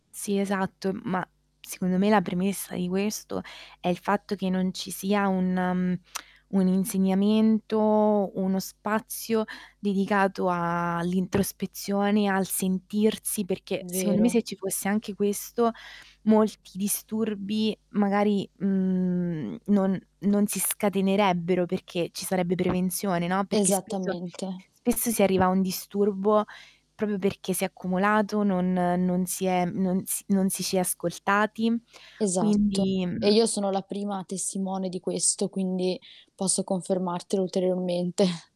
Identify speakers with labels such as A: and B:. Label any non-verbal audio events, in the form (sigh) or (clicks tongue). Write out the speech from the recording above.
A: Sì, esatto, ma secondo me la premessa di questo è il fatto che non ci sia un, mhmm, (clicks tongue) un insegnamento, uno spazio dedicato a l'introspezione, al sentirsi, perché secondo me
B: Vero.
A: se ci fosse anche questo, molti disturbi magari, mhmm, non non si scatenerebbero, perché ci sarebbe prevenzione, no, perché spesso
B: Esattamente.
A: spesso si arriva a un disturbo proprio perché si è accumulato, non non si è non s non ci si è ascoltati
B: Esatto.
A: quindi,
B: E
A: mhmm
B: io sono la prima testimone di questo, quindi posso confermartelo ulteriormente. (chuckles)